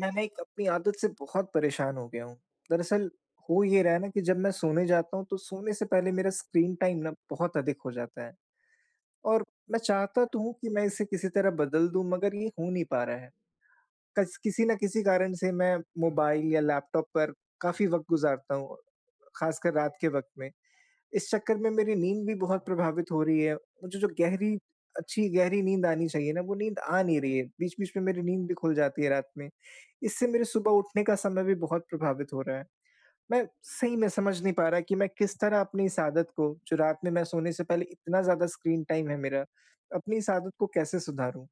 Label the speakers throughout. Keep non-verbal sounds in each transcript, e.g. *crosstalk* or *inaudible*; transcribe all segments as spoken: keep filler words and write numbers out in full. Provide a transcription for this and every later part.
Speaker 1: मैं ना, एक अपनी आदत से बहुत परेशान हो गया हूँ। दरअसल, हो ये रहा है ना कि जब मैं सोने जाता हूँ, तो सोने से पहले मेरा स्क्रीन टाइम ना, बहुत अधिक हो जाता है। और मैं चाहता तो हूँ कि मैं इसे किसी तरह बदल दूँ, मगर ये हो नहीं पा रहा है। कस किसी न किसी कारण से, मैं मोबाइल या लैपटॉप पर काफ़ी वक़्त गुज़ारता हूँ, ख़ासकर रात के वक़्त में। इस चक्कर में मेरी नींद भी बहुत प्रभावित हो रही है। मुझे जो गहरी अच्छी गहरी नींद आनी चाहिए ना, वो नींद आ नहीं रही है। बीच-बीच में मेरी नींद भी खुल जाती है रात में। इससे मेरे सुबह उठने का समय भी बहुत प्रभावित हो रहा है। मैं सही में समझ नहीं पा रहा कि मैं किस तरह अपनी इस आदत को, जो रात में मैं सोने से पहले इतना ज़्यादा स्क्रीन टाइम है मेरा, अपनी इस आदत को कैसे सुधारूँ?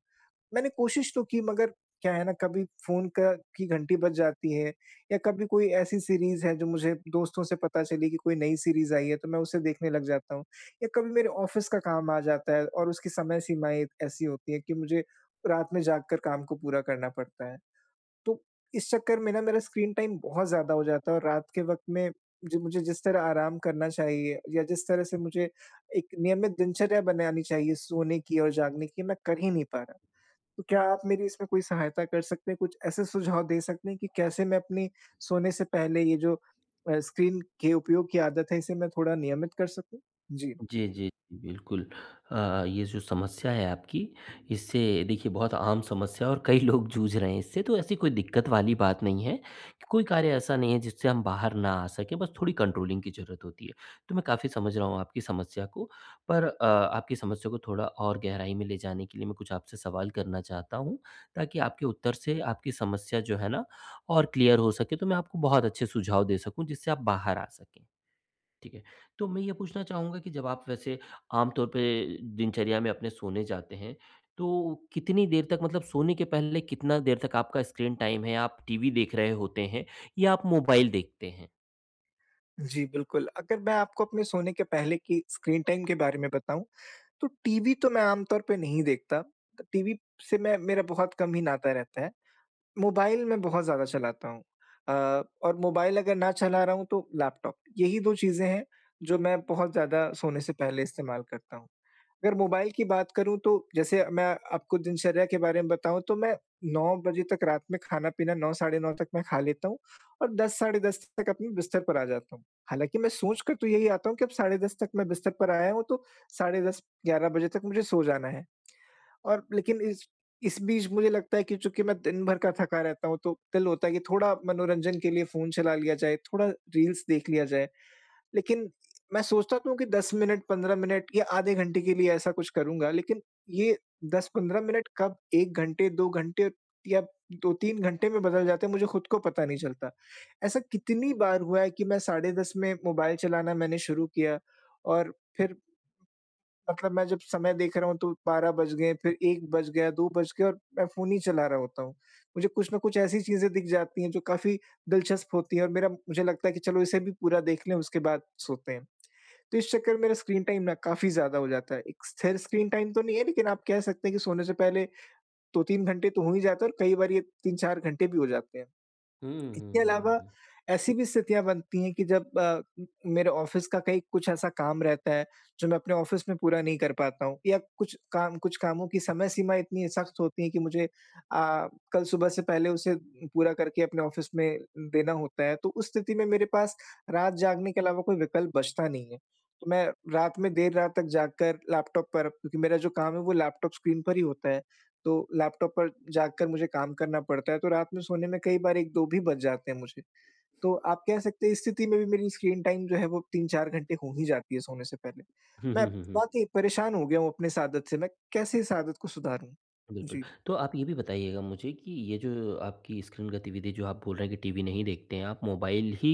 Speaker 1: मैंने कोशिश तो की, मगर क्या है ना, कभी फोन का की घंटी बज जाती है, या कभी कोई ऐसी सीरीज़ है, जो मुझे दोस्तों से पता चली कि कोई नई सीरीज़ आई है, तो मैं उसे देखने लग जाता हूँ। या कभी मेरे ऑफ़िस का काम आ जाता है, और उसकी समय सीमाएँ ऐसी होती हैं कि मुझे रात में जाग कर काम को पूरा करना पड़ता है। तो इस चक्कर में ना, मेरा स्क्रीन टाइम बहुत ज़्यादा हो जाता है और रात के वक़्त में, जो मुझे जिस तरह आराम करना चाहिए, या जिस तरह से मुझे एक नियमित दिनचर्या बनानी चाहिए, सोने की और जागने की, मैं कर ही नहीं पा रहा। तो क्या आप मेरी इसमें कोई सहायता कर सकते हैं? कुछ ऐसे सुझाव दे सकते हैं कि कैसे मैं अपनी सोने से पहले, ये जो अ, स्क्रीन के उपयोग की आदत है, इसे मैं थोड़ा नियमित कर सकूँ? जी।
Speaker 2: जी, जी, बिल्कुल। अ, ये जो समस्या है आपकी, इससे, देखिए, बहुत आम समस्या है और कई लोग जूझ रहे हैं इससे, तो ऐसी कोई दिक्कत वाली बात नहीं है, कि कोई कार्य ऐसा नहीं है, जिससे हम बाहर ना आ सकें, बस थोड़ी कंट्रोलिंग की ज़रूरत होती है। तो मैं काफ़ी समझ रहा हूँ आपकी समस्या को, पर अ, आपकी समस्या को थोड़ा और गहराई में ले जाने के लिए, मैं कुछ आपसे सवाल करना चाहता हूँ, ताकि आपके उत्तर से आपकी समस्या जो है ना, और क्लियर हो सकें, तो मैं आपको बहुत अच्छे सुझाव दे सकूँ, जिससे आप बाहर आ सकें, ठीक है। तो मैं ये पूछना चाहूँगा कि जब आप वैसे आम तौर पे दिनचर्या में अपने सोने जाते हैं, तो कितनी देर तक मतलब सोने के पहले, कितना देर तक आपका स्क्रीन टाइम है, आप टीवी देख रहे होते हैं, या आप मोबाइल देखते हैं?
Speaker 1: जी, बिल्कुल। अगर मैं आपको अपने सोने के पहले की स्क्रीन टाइम के बारे में बताऊँ तो टीवी तो मैं आम तौर पे नहीं देखता। टीवी से मैं मेरा बहुत कम ही नाता रहता है। मोबाइल मैं बहुत ज़्यादा चलाता हूँ। अ, और मोबाइल अगर ना चला रहा हूँ तो लैपटॉप। यही दो चीज़ें हैं जो मैं बहुत ज़्यादा सोने से पहले इस्तेमाल करता हूँ। अगर मोबाइल की बात करूँ तो जैसे मैं आपको दिनचर्या के बारे में बताऊँ तो मैं नौ बजे तक रात में खाना-पीना, साढ़े नौ तक मैं खा लेता हूँ और दस साढ़े दस तक अपनी बिस्तर पर आ जाता हूँ। हालाँकि मैं सोच कर तो यही आता हूँ कि अब साढ़े दस तक मैं बिस्तर पर आया हूँ तो साढ़े दस ग्यारह बजे तक मुझे सो जाना है। *smacks lips* और लेकिन इस इस बीच मुझे लगता है कि चूँकि मैं दिन भर का थका रहता हूँ तो दिल होता है कि थोड़ा मनोरंजन के लिए फ़ोन चला लिया जाए, थोड़ा रील्स देख लिया जाए। लेकिन मैं सोचता तो हूँ कि दस मिनट, पंद्रह मिनट या आधे घंटे के लिए ऐसा कुछ करूँगा लेकिन ये दस पंद्रह मिनट कब एक घंटे, दो घंटे या दो तीन घंटे में बदल जाते हैं मुझे खुद को पता नहीं चलता। ऐसा कितनी बार हुआ है कि मैं साढ़े दस में मोबाइल चलाना मैंने शुरू किया और फिर मतलब मैं जब समय देख रहा हूँ तो बारह बज गए फिर एक बज गया, दो बज गए और मैं फ़ोन ही चला रहा होता हूँ। मुझे कुछ ना कुछ ऐसी चीज़ें दिख जाती हैं जो काफ़ी दिलचस्प होती है और मेरा मुझे लगता है कि चलो इसे भी पूरा देख लें उसके बाद सोते हैं। तो इस चक्कर मेरा स्क्रीन टाइम ना काफ़ी ज़्यादा हो जाता है। एक स्थिर स्क्रीन टाइम तो नहीं है लेकिन आप कह सकते हैं कि सोने से पहले दो तीन घंटे तो हो ही जाते हैं और कई बार ये तीन चार घंटे भी हो जाते हैं।
Speaker 2: हुँ,
Speaker 1: इसके
Speaker 2: हुँ, हुँ, हुँ,
Speaker 1: अलावा
Speaker 2: हुँ।
Speaker 1: ऐसी भी स्थितियाँ बनती हैं कि जब अ, मेरे ऑफ़िस का कहीं कुछ ऐसा काम रहता है जो मैं अपने ऑफ़िस में पूरा नहीं कर पाता हूँ। या कुछ काम कुछ कामों की समय-सीमा इतनी सख़्त होती है की मुझे अ, कल सुबह से पहले उसे पूरा करके अपने ऑफ़िस में, देना होता है। तो उस स्थिति में मेरे पास रात जागने के अलावा कोई विकल्प बचता नहीं है। तो मैं रात में देर रात तक जाग कर लैपटॉप पर क्योंकि मेरा जो काम है वो लैपटॉप स्क्रीन पर ही होता है। तो लैपटॉप पर जाग कर मुझे काम करना पड़ता है। तो रात में सोने में कई बार एक दो भी बज जाते हैं मुझे। तो आप कह सकते हैं इस स्थिति में भी मेरी स्क्रीन टाइम जो है वो तीन चार घंटे हो ही जाती है सोने से पहले।
Speaker 2: हुँ,
Speaker 1: मैं
Speaker 2: हुँ, हुँ, हुँ।
Speaker 1: बहुत ही परेशान हो गया हूँ अपने इस आदत से। मैं कैसे इस आदत को सुधारूँ?
Speaker 2: बिल्कुल।
Speaker 1: जी।
Speaker 2: तो आप ये भी बताइएगा मुझे कि ये जो आपकी स्क्रीन गतिविधि जो आप बोल रहे हैं कि टीवी नहीं देखते है आप। मोबाइल ही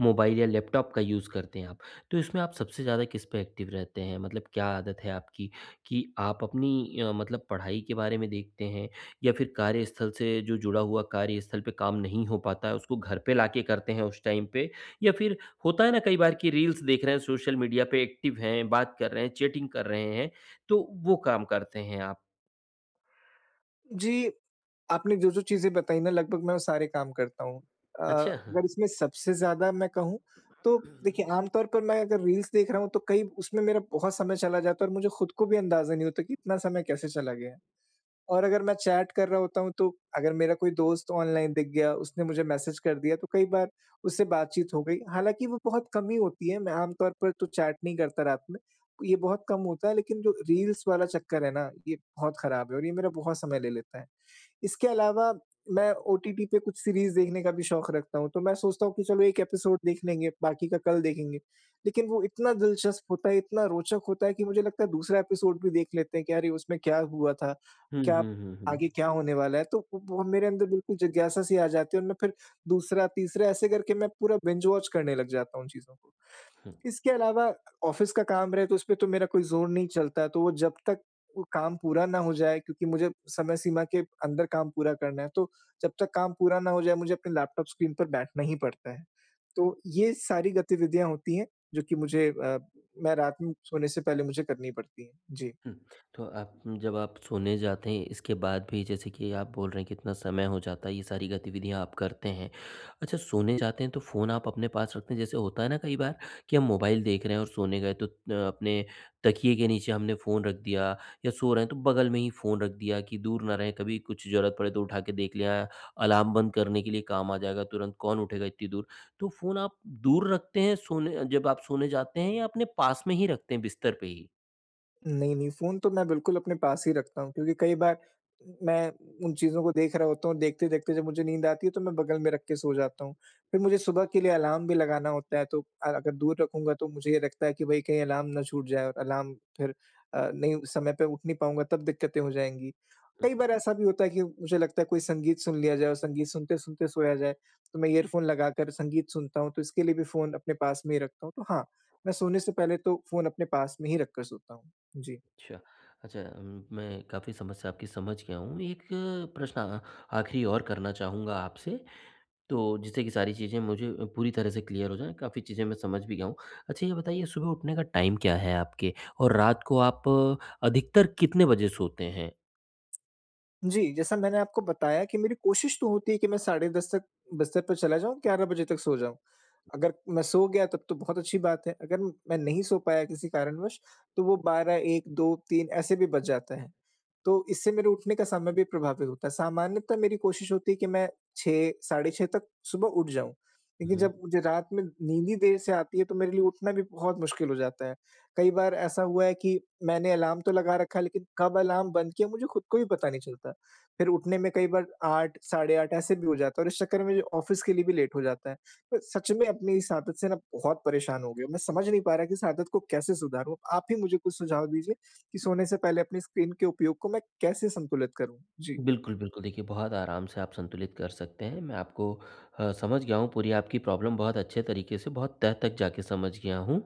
Speaker 2: मोबाइल या लैपटॉप का यूज़ करते हैं आप। तो इसमें आप सबसे ज़्यादा किस पे एक्टिव रहते है? मतलब क्या आदत है आपकी कि आप अपनी अ, मतलब पढ़ाई के बारे में देखते हैं? या फिर कार्यस्थल से जो जुड़ा हुआ कार्यस्थल पे काम नहीं हो पाता है उसको घर पे लाके करते हैं उस टाइम पे? या फिर होता है ना कई बार की रील्स देख रहे हैं सोशल मीडिया पे, एक्टिव हैं, बात कर रहे हैं, चैटिंग कर रहे हैं, तो वो काम करते हैं आप?
Speaker 1: जी। आपने जो-जो चीज़ें बताई ना लगभग मैं वो सारे काम करता हूँ। अ,
Speaker 2: अच्छा। हाँ।
Speaker 1: अगर इसमें सबसे ज्यादा मैं कहूँ तो देखिए, आम तौर पर मैं अगर रील्स देख रहा हूँ तो कई उसमें मेरा बहुत समय चला जाता है और मुझे खुद को भी अंदाज़ा नहीं होता कि इतना समय कैसे चला गया। और अगर मैं चैट कर रहा होता हूँ, तो अगर मेरा कोई दोस्त ऑनलाइन दिख गया उसने मुझे मैसेज कर दिया, तो कई बार उससे बातचीत हो गई। हालाँकि वो बहुत कम ही होती है, मैं आम तौर पर तो चैट नहीं करता रात में, ये बहुत कम होता है, लेकिन जो रील्स वाला चक्कर है ना, ये बहुत ख़राब है और ये मेरा बहुत समय ले लेता है। इसके अलावा मैं ओटीटी पे कुछ सीरीज़ देखने का भी शौक रखता हूँ, तो मैं सोचता हूँ कि चलो एक एपिसोड देख लेंगे बाकी का कल देखेंगे। लेकिन वो इतना दिलचस्प होता है, इतना रोचक होता है कि मुझे लगता है दूसरा एपिसोड भी देख लेते हैं कि अरे, उसमें क्या हुआ था?
Speaker 2: हुँ,
Speaker 1: क्या
Speaker 2: हुँ, हुँ, हुँ।
Speaker 1: आगे क्या होने वाला है, तो वो मेरे अंदर बिल्कुल जिज्ञासा सी आ जाती है और मैं फिर दूसरा-तीसरा ऐसे करके मैं पूरा बिंज वॉच करने लग जाता हूँ उन चीज़ों को।
Speaker 2: हुँ।
Speaker 1: इसके अलावा ऑफ़िस का काम रहे तो उसपे तो मेरा कोई ज़ोर नहीं चलता, तो वो जब तक वो काम पूरा ना हो जाए, क्योंकि मुझे समय सीमा के अंदर काम पूरा करना है, तो जब तक काम पूरा ना हो जाए मुझे अपने लैपटॉप स्क्रीन पर बैठना ही पड़ता है। तो ये सारी गतिविधियाँ होती हैं जो कि मुझे अ, मैं रात में सोने से पहले मुझे करनी पड़ती हैं। जी।
Speaker 2: हुँ। तो आप जब आप सोने जाते हैं इसके बाद भी जैसे कि आप बोल रहे हैं कितना समय हो जाता है, ये सारी गतिविधियाँ आप करते हैं। अच्छा सोने जाते हैं तो फ़ोन आप अपने पास रखते हैं? जैसे होता है ना कई बार कि हम मोबाइल देख रहे हैं और सोने गए, तो त अ, अपने तकिए के नीचे हमने फ़ोन रख दिया या सो रहे हैं तो बग़ल में ही फ़ोन रख दिया, कि दूर न रहें कभी कुछ ज़रूरत पड़े तो उठा के देख लिया, अलार्म बंद करने के लिए काम आ जाएगा, तुरंत कौन उठेगा इतनी दूर। तो फ़ोन आप दूर रखते हैं सोने जब आप सोने जाते हैं या अपने पास में ही रखते हैं बिस्तर पे ही?
Speaker 1: नहीं, नहीं फ़ोन तो मैं बिल्कुल अपने पास ही रखता हूँ क्योंकि कई बार उम, मैं उन चीज़ों को देख रहा होता हूँ, देखते-देखते जब मुझे नींद आती है तो मैं बगल में रख के सो जाता हूँ। फिर मुझे सुबह के लिए अलार्म भी लगाना होता है, तो अ, अगर दूर रखूँगा तो मुझे ये लगता है कि भई कहीं अलार्म ना छूट जाए और अलार्म फिर अ, नहीं उस समय पे उठ नहीं पाऊँगा तब दिक्कतें हो जाएँगी।
Speaker 2: उ
Speaker 1: कई बार ऐसा भी होता है कि मुझे लगता है कोई संगीत सुन लिया जाए और संगीत सुनते-सुनते सोया जाए, तो मैं इयरफ़ोन लगाकर संगीत सुनता हूँ, तो इसके लिए भी फ़ोन अपने पास में ही रखता हूँ। तो हाँ, मैं सोने से पहले तो फ़ोन अपने पास में ही रखकर सोता हूँ। जी।
Speaker 2: अच्छा। अच्छा उम, मैं काफ़ी समस्या आपकी समझ गया हूँ, एक प्रश्न अ, आखिरी और करना चाहूँगा आपसे, तो जिससे कि सारी चीज़ें मुझे अ, पूरी तरह से क्लियर हो जाएँ, काफ़ी चीज़ें मैं समझ भी गया हूँ। अच्छा, ये बताइए सुबह उठने का टाइम क्या है आपके और रात को आप अधिकतर कितने बजे सोते हैं?
Speaker 1: जी, जैसा मैंने आपको बताया कि मेरी कोशिश तो होती है कि मैं साढ़े दस तक बिस्तर पे चला जाऊँ, ग्यारह बजे तक सो जाऊँ। अगर मैं सो गया तब तो बहुत अच्छी बात है, अगर म मैं नहीं सो पाया किसी कारणवश, तो वो बारह, एक, दो, तीन, ऐसे भी बज जाते हैं। तो इससे मेरे उठने का समय भी प्रभावित होता है, सामान्यतः मेरी कोशिश होती है कि मैं छह साढ़े छह तक सुबह उठ जाऊँ,
Speaker 2: हुँ,
Speaker 1: लेकिन जब
Speaker 2: हुँ।
Speaker 1: मुझे रात में नींद ही देर से आती है, तो मेरे लिए उठना भी बहुत मुश्किल हो जाता है। कई बार ऐसा हुआ है कि मैंने अलार्म तो लगा रखा है लेकिन कब अलार्म बंद किया, मुझे खुद को भी पता नहीं चलता, फिर उठने में कई बार आठ साढ़े आठ ऐसे भी हो जाता है और इस चक्कर में मेरे ऑफ़िस के लिए भी लेट हो जाता है। अ, सच में अपनी इस आदत से ना बहुत परेशान हो गया हूँ, मैं समझ नहीं पा रहा कि इस आदत को कैसे सुधारूँ, आप ही मुझे कुछ सुझाव दीजिए, कि सोने से पहले अपनी स्क्रीन के उपयोग को मैं कैसे संतुलित करूँ? जी।
Speaker 2: बिल्कुल, बिल्कुल देखिए, बहुत आराम से आप संतुलित कर सकते हैं, मैं आपको अ, समझ गया हूँ पूरी आपकी प्रॉब्लम बहुत अच्छे तरीके से, बहुत तह तक जाके समझ गया हूँ,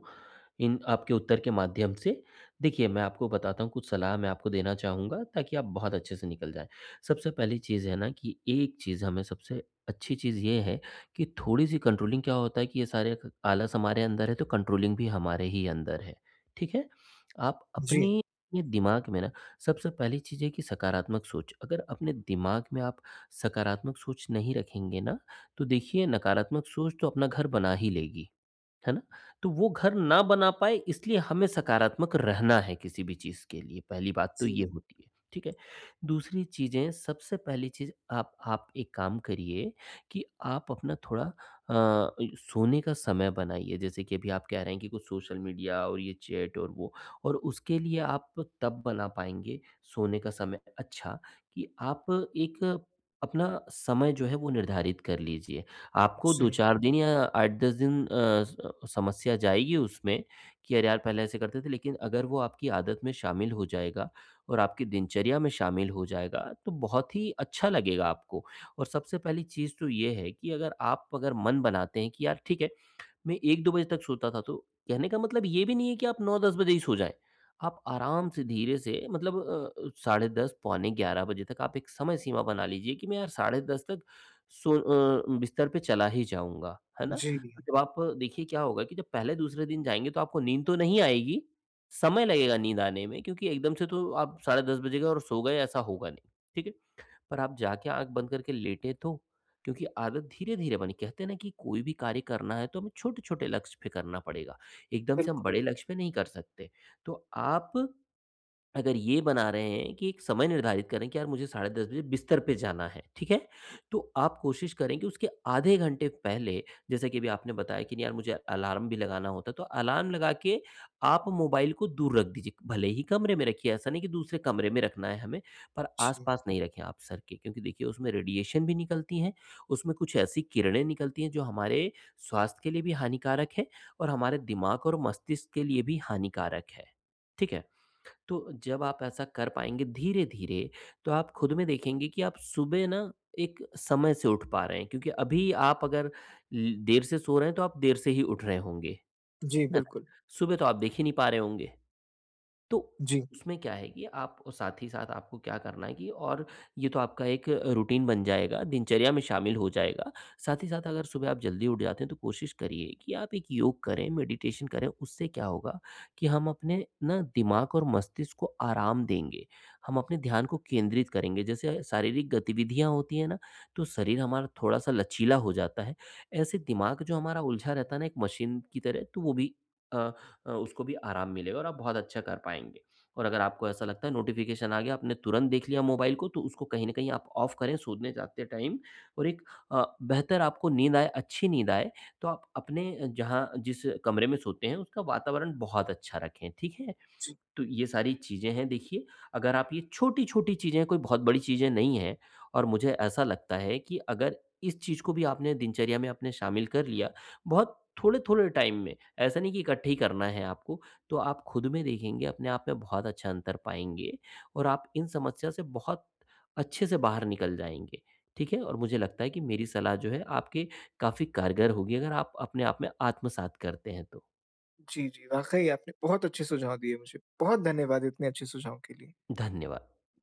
Speaker 2: इन आपके उत्तर के माध्यम से। देखिए, मैं आपको बताता हूँ, कुछ सलाह मैं आपको देना चाहूँगा ताकि आप बहुत अच्छे से निकल जाएँ, सबसे पहली चीज़ है ना, कि एक चीज़ हमें सबसे अच्छी चीज़ ये है, कि थोड़ी-सी कंट्रोलिंग क्या होता है कि ये सारे ख आलस हमारे अंदर है तो कंट्रोलिंग भी हमारे ही अंदर है, ठीक है? आप
Speaker 1: जी।
Speaker 2: अपने ये दिमाग में ना सबसे पहली चीज़ है कि सकारात्मक सोच, अगर अपने दिमाग में आप सकारात्मक सोच नहीं रखेंगे ना, तो देखिए नकारात्मक सोच तो अपना घर बना ही लेगी, है ना? तो वो घर ना बना पाए इसलिए हमें सकारात्मक रहना है किसी भी चीज़ के लिए पहली बात तो ये
Speaker 1: जी।
Speaker 2: होती है, ठीक है। दूसरी चीज़ें, सबसे पहली चीज़ आप आप एक काम करिए, कि आप अपना थोड़ा अ, इ सोने का समय बनाइए जैसे कि अभी आप कह रहे हैं कि कुछ सोशल मीडिया और ये चैट और वो, और उसके लिए आप तब बना पाएँगे, सोने का समय अच्छा, कि आप एक अपना समय जो है वो निर्धारित कर लीजिए। आपको
Speaker 1: अच्छा।
Speaker 2: दो चार दिन या आठ दस दिन अ, स समस्या जाएगी उसमें, कि अरे, यार पहले ऐसे करते थे लेकिन अगर वो आपकी आदत में शामिल हो जाएगा और आपकी दिनचर्या में शामिल हो जाएगा, तो बहुत ही अच्छा लगेगा आपको। और सबसे पहली चीज़ तो ये है कि अगर आप अगर मन बनाते हैं, कि यार, ठीक है मैं एक दो बजे तक सोता था, तो कहने का मतलब ये भी नहीं है कि आप नौ दस बजे ही सो जाए। आप आराम से धीरे से मतलब अ, साढ़े दस पौने ग्यारह बजे तक आप एक समय सीमा बना लीजिए, कि मैं यार साढ़े दस तक सो अ, बिस्तर पे चला ही जाऊँगा, है ना?
Speaker 1: जी।
Speaker 2: जब आप देखिए क्या होगा कि जब पहले दूसरे दिन जाएँगे तो आपको नींद तो नहीं आएगी, समय लगेगा नींद आने में क्योंकि एकदम से तो आप साढ़े दस बजे गए और सो गए, ऐसा होगा नहीं, ठीक है? पर आप जाके आँख बंद करके लेटें तो, क्योंकि आदत धीरे-धीरे बनी कहते हैं ना कि कोई भी कार्य करना है, तो हमें छोटे-छोटे लक्ष्य पे करना पड़ेगा, एकदम से हम
Speaker 1: बिल्कु
Speaker 2: बड़े लक्ष्य पे नहीं कर सकते। तो आप अगर ये बना रहे हैं कि एक समय निर्धारित करें, कि यार मुझे साढ़े दस बजे बिस्तर पे जाना है, ठीक है, तो आप कोशिश करें कि उसके आधे घंटे पहले, जैसे कि अभी आपने बताया कि नहीं यार मुझे अलार्म भी लगाना होता है, तो अलार्म लगा के आप मोबाइल को दूर रख दीजिए। भले ही कमरे में रखिए, ऐसा नहीं है कि दूसरे कमरे में रखना है हमें, पर
Speaker 1: जी।
Speaker 2: आसपास नहीं रखें आप सर के, क्योंकि देखिए उसमें रेडिएशन भी निकलती है, उसमें कुछ ऐसी किरणें निकलती हैं जो हमारे स्वास्थ्य के लिए भी हानिकारक हैं और हमारे दिमाग और मस्तिष्क के लिए भी हानिकारक है। ठीक है? तो जब आप ऐसा कर पाएँगे, धीरे-धीरे, तो आप खुद में देखेंगे कि आप सुबह ना एक समय से उठ पा रहे हैं क्योंकि अभी आप अगर ले देर से सो रहे हैं, तो आप देर से ही उठ रहे होंगे,
Speaker 1: जी,
Speaker 2: है ना?
Speaker 1: बिल्कुल।
Speaker 2: सुबह तो आप देख ही नहीं पा रहे होंगे। तो,
Speaker 1: जी।
Speaker 2: उसमें क्या है कि आप साथ ही साथ आपको क्या करना है कि और ये तो आपका एक अ, रूटीन बन जाएगा, दिनचर्या में शामिल हो जाएगा, साथ ही साथ अगर सुबह आप जल्दी उठ जाते हैं, तो कोशिश करिए कि आप एक योग करें, मेडिटेशन करें, उससे क्या होगा कि हम अपने ना दिमाग और मस्तिष्क को आराम देंगे, हम अपने ध्यान को केंद्रित करेंगे। जैसे, शारीरिक गतिविधियाँ होती हैं ना, तो शरीर हमारा थोड़ा-सा लचीला हो जाता है, ऐसे दिमाग जो हमारा उलझा रहता है ना, एक मशीन की तरह तो वो भी अ अ, उसको भी आराम मिलेगा और आप बहुत अच्छा कर पाएँगे। और अगर आपको ऐसा लगता है नोटिफ़िकेशन आ गया, आपने तुरंत देख लिया मोबाइल को तो उसको कहीं न कहीं आप ऑफ करें, सोने जाते टाइम और एक अ, बेहतर आपको नींद आए, अच्छी नींद आए, तो आप अपने जहाँ जिस कमरे में सोते हैं, उसका वातावरण बहुत अच्छा रखें, ठीक है?
Speaker 1: जी।
Speaker 2: तो ये सारी चीज़ें हैं, देखिए अगर आप ये छोटी-छोटी चीज़ें हैं, कोई बहुत बड़ी चीज़ें नहीं है और मुझे ऐसा लगता है कि अगर इस चीज़ को भी आपने दिनचर्या में अपने शामिल कर लिया, बहुत थोड़े-थोड़े टाइम में, ऐसा नहीं की इकट्ठे ही करना है आपको। तो आप खुद में देखेंगे अपने आप में बहुत अच्छा अंतर पाएँगे और आप इन समस्या से बहुत अच्छे से बाहर निकल जाएँगे, ठीक है? और मुझे लगता है कि मेरी सलाह जो है आपके काफ़ी कारगर होगी, अगर आप अपने आप में आत्मसात करते हैं तो।
Speaker 1: जी, जी, वाक़ई आपने बहुत अच्छे सुझाव दिए मुझे। बहुत धन्यवाद इतने अच्छे सुझाव के लिए।
Speaker 2: धन्यवाद।